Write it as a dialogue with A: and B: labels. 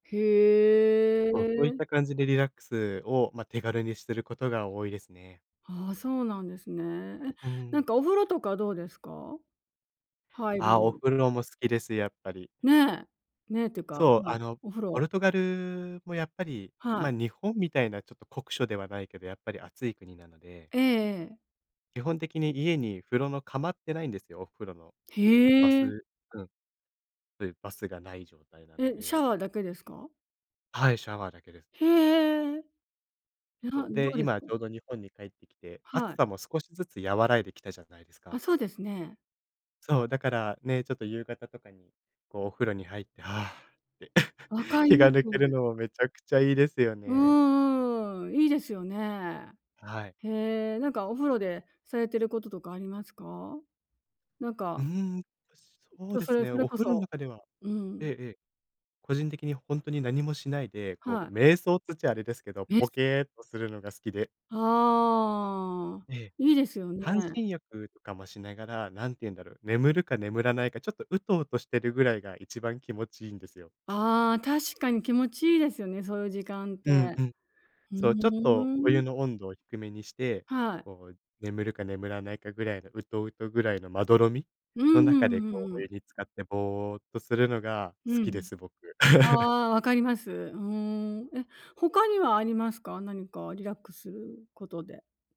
A: へ
B: そう、そういっ
A: え。
B: た感じでリラックスを、ま、手軽にしてることが多いですね。
A: ああ、そうなんですね。え、
B: う
A: なん
B: ん。
A: か、お風呂とかどうですか？入
B: ああ、お
A: る
B: 風呂も好きです、やっぱり。
A: ね。ね、ってか、
B: そう、
A: は
B: あ
A: い、
B: の、
A: お風
B: ポ
A: 呂
B: ルトガルもやっぱり、
A: は
B: ま、
A: い。
B: 日本みたいなちょっと酷暑ではないけど、やっぱり暑い国なので。
A: ええ。
B: 基本的に家に風呂の釜ってないんですよ、お風呂の。バ
A: へえ。
B: スうん。そう言うバスがない状態なの
A: え、シ
B: で
A: ャワーだけですか？
B: はい、シャワーだけです。
A: へえ。いや、
B: そう、
A: ど
B: で、
A: うです
B: 今
A: か？
B: ちょうど日本に帰ってきて、
A: は
B: 暑
A: い。
B: さも少しずつ和らいできたじゃないです
A: あ、
B: か。
A: そうですね。
B: そう、だからね、ちょっと夕方とかに、こう、お風呂に入って、「はあ」って
A: 分 かり
B: 気
A: ま
B: が抜ける
A: す。
B: のもめちゃくちゃいいですよ
A: う
B: ね。
A: うーん、いいですよね。
B: はい。
A: へえ、なんか、お風呂でされてることとかありますか？なん
B: うー
A: か
B: ん、え、そ
A: ち
B: う
A: ょ
B: で
A: そ
B: す
A: れ
B: ね。
A: それ
B: お
A: こ
B: 風呂ん
A: そ
B: 中では
A: う
B: ええ
A: ん。
B: ええ。個人的にほんとに何もしないで、こ
A: はい。
B: う、瞑想つっちゃあれですけど、
A: え？
B: ポ
A: す
B: ケーっとするのが好きで
A: はあ、
B: ええ。
A: いいですよね。
B: 半身浴とかもしながら、何て言うんだろう、眠るか眠らないか、ちょっと、うとうとしてるぐらいが一番気持ちいいんですよ。
A: ああ、確かに気持ちいいですよね、そういう時間っ
B: うん
A: て。
B: うん。
A: ふー
B: そう。ちょっとお湯
A: ん。
B: の温度を低めにして、
A: はい。
B: こう、眠るか眠らないかぐらいの、うとうとぐらいのまどろみ
A: う
B: の
A: んう
B: 中
A: んう
B: で、
A: んう
B: こ
A: ん
B: う、
A: う
B: お
A: ん。
B: 湯に浸かってぼーっとするのが
A: う
B: 好きで
A: ん。
B: す、僕。
A: ああ、分かります。うーん。え、他にはありますか？何かリラックスことで。